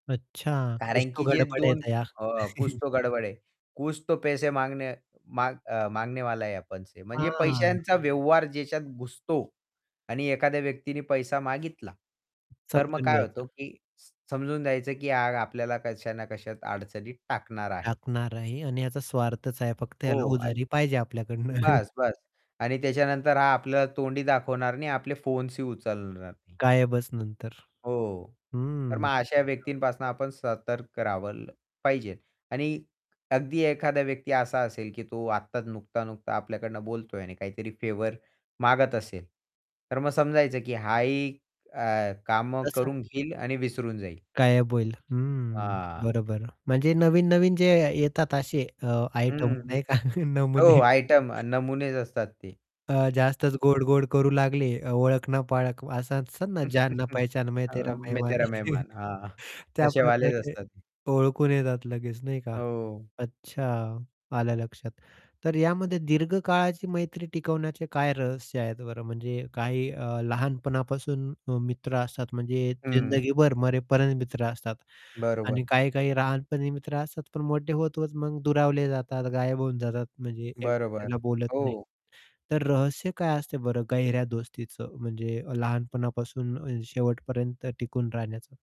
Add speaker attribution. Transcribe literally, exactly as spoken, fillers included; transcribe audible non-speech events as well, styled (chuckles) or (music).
Speaker 1: अच्छा! कुछ
Speaker 2: कारण,
Speaker 1: तो
Speaker 2: की जे
Speaker 1: गडबड है
Speaker 2: दोन
Speaker 1: दया.
Speaker 2: अ, कुछ
Speaker 1: (chuckles)
Speaker 2: तो गड़बड़ है, कुछ तो पैसे मागणे माग मागणेवाला है आपणसे. म्हणजे
Speaker 1: हां.
Speaker 2: पैशांचा व्यवहार ज्याच्यात घुसतो आणि एखाद्या व्यक्तीने पैसा मागितला. तर मग
Speaker 1: समजून
Speaker 2: काय होतो,
Speaker 1: घ्यायचं.
Speaker 2: की स समजून द्यायचं की हां, आपल्याला कशा ना कशात अडचणीत टाकणार आहे.
Speaker 1: टाकणार आहे आणि याचा स्वार्थच आहे फक्त
Speaker 2: हो
Speaker 1: याला उधारी
Speaker 2: आणि
Speaker 1: पाहिजे आपल्याकडनं. (chuckles)
Speaker 2: बास-बास. आणि त्याच्यानंतर हा आपला तोंडही दाखवणार नाही, आपले फोन्सही उचलणार नाही.
Speaker 1: काय आहे बस नंतर,
Speaker 2: हो, तर
Speaker 1: हम्म.
Speaker 2: मग अशा
Speaker 1: हां.
Speaker 2: व्यक्तींपासून आपण सतर्क राहावंल पाहिजे. आणि अगदी एखादा व्यक्ती असा असेल की तो आत्ताच नुकता-नुकता आपल्याकडून बोलतोय आणि काहीतरी फेवर मागत असेल. तर मग समजायचं, की हाही अ, काम
Speaker 1: तसा
Speaker 2: करून घेईल आणि विसरून जाईल.
Speaker 1: गायब होईल हं,
Speaker 2: हां.
Speaker 1: बरोबर म्हणजे नवीन, नवीन जे येतात असे अ, आयटम
Speaker 2: हं.
Speaker 1: नाही का (chuckles) नमुने
Speaker 2: हो आयटम, नमुनेच असतात ते.
Speaker 1: अ, जास्तच गोड-गोड करू लागले अ, ओळख ना पाळख असं ना जान ना
Speaker 2: (chuckles)
Speaker 1: पहचण मैंन तेरा
Speaker 2: हं, मैं
Speaker 1: मेहमान.
Speaker 2: तेरा
Speaker 1: (chuckles)
Speaker 2: मेहमान हां. तसे वालेच
Speaker 1: त्याप्रकारचे,
Speaker 2: असतात ते.
Speaker 1: ओळखून येतात लगेच. नाही का?
Speaker 2: हो.
Speaker 1: अच्छा! आलं लक्षात. तर यामध्ये दीर्घकाळाची मैत्री टिकवण्याचे काय रहस्य आहेत बरं? म्हणजे काही अ, लहानपणापासून अ, मित्र असतात म्हणजे
Speaker 2: हं.
Speaker 1: जिंदगीभर मरेपर्यंत मित्र असतात आणि
Speaker 2: बरोबर.
Speaker 1: काही-काही लहानपणी मित्र असतात, पण मोठे होत-होत मग दुरावले जातात, गायब होऊन जातात. म्हणजे एक
Speaker 2: बरोबर.
Speaker 1: दुसऱ्याला बोलत नाही.
Speaker 2: हो.
Speaker 1: तर रहस्य काय असते बरं गहऱ्या दोस्तीचं म्हणजे अ, लहानपणापासून शेवटपर्यंत टिकून राहण्याचं?